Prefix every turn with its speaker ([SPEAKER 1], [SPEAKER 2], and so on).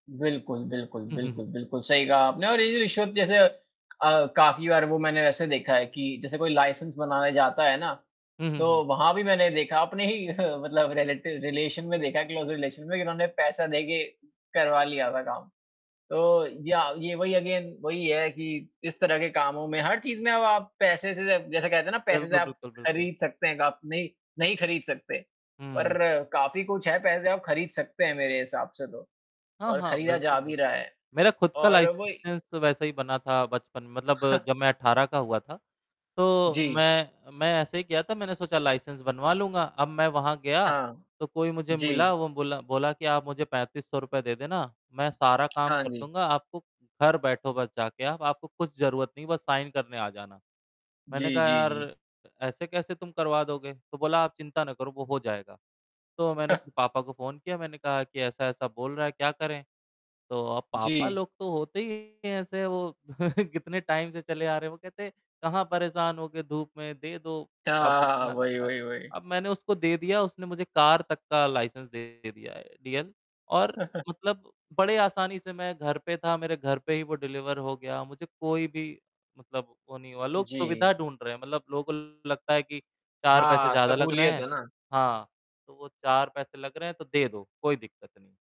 [SPEAKER 1] बिल्कुल, बिल्कुल, बिल्कुल, बिल्कुल सही कहा आपने और ये जो रिश्वत जैसे अ, काफ़ी बार वो मैंने वैसे देखा है कि जैसे कोई लाइसेंस बनाने जाता है ना,
[SPEAKER 2] हुँ, हुँ,
[SPEAKER 1] तो
[SPEAKER 2] हुँ।
[SPEAKER 1] वहाँ भी मैंने देखा, अपने ही मतलब रिलेटिव रिलेशन में देखा, क्लोज़ रिलेशन में कि उन्होंने पैसा दे के करवा लिया था काम। तो या ये वही अगेन वही है कि, इस तरह के कामों में हर चीज़ में अब आप पैसे से जै जैसे कहते हैं ना पैसे से
[SPEAKER 2] बिल्कुल,
[SPEAKER 1] आप,
[SPEAKER 2] बिल्कुल, बिल्कुल।
[SPEAKER 1] खरीद सकते हैं, ग आप नहीं नहीं खरीद सकते। पर
[SPEAKER 2] हुँ।
[SPEAKER 1] काफ़ी कुछ है पैसे आप खरीद सकते हैं मेरे हिसाब से तो,
[SPEAKER 2] हाँ,
[SPEAKER 1] और
[SPEAKER 2] हाँ,
[SPEAKER 1] खरीदा
[SPEAKER 2] बिल्कुल,
[SPEAKER 1] जा भी रहा
[SPEAKER 2] बिल्कुल।
[SPEAKER 1] है।
[SPEAKER 2] मेरा खुद का
[SPEAKER 1] और वही
[SPEAKER 2] लाइसेंस तो वैसे ही बना था, बचपन मतलब जब मैं 18 का हुआ था, तो
[SPEAKER 1] जी।
[SPEAKER 2] मैं मैं ऐसे ही किया था, मैंने सोचा लाइसेंस बनवा लूँगा। अब मैं वहाँ गया,
[SPEAKER 1] हाँ।
[SPEAKER 2] तो कोई मुझे मिला
[SPEAKER 1] जी।
[SPEAKER 2] वो बोला बोला कि आप मुझे 3500 रुपए दे देना, मैं सारा काम
[SPEAKER 1] हाँ
[SPEAKER 2] कर
[SPEAKER 1] जी।
[SPEAKER 2] दूँगा। आपको घर बैठो बस जाके आप, आपको कुछ ज़रूरत नहीं, बस साइन करने आ जाना। मैंने
[SPEAKER 1] जी,
[SPEAKER 2] कहा
[SPEAKER 1] जी,
[SPEAKER 2] यार
[SPEAKER 1] जी।
[SPEAKER 2] अ, ऐसे कैसे तुम करवा दोगे? तो बोला, आप चिंता ना करो, वो हो जाएगा। तो मैंने फिर पापा को फ़ोन किया, मैंने कहा कि ऐसा-ऐसा बोल रहा है, क्या करें? तो अब पापा
[SPEAKER 1] जी।
[SPEAKER 2] लोग तो होते ही ऐसे हैं वो कितने टाइम से चले आ रहे, वो कहते, "कहाँ परेशान होगे धूप में, दे दो।" अब
[SPEAKER 1] हाँ,
[SPEAKER 2] इतना लग
[SPEAKER 1] वही,
[SPEAKER 2] रहा है,
[SPEAKER 1] वही, वही।
[SPEAKER 2] अब मैंने उसको दे दिया उसने मुझे कार तक का लाइसेंस दे दिया है डीएल। और मतलब बड़े आसानी से मैं घर पे था, मेरे घर पे ही वो डिलीवर हो गया, मुझे कोई भी मतलब वो नहीं हुआ। लोग
[SPEAKER 1] जी।
[SPEAKER 2] सुविधा ढूँढ़ रहे हैं, मतलब लोगों लगता है कि 4 पैसे
[SPEAKER 1] हाँ,
[SPEAKER 2] ज़्यादा लग रहे
[SPEAKER 1] सहूलियत
[SPEAKER 2] हैं,
[SPEAKER 1] है ना।
[SPEAKER 2] हाँ, तो वो 4 पैसे लग रहे हैं तो दे दो, कोई दिक्कत नहीं।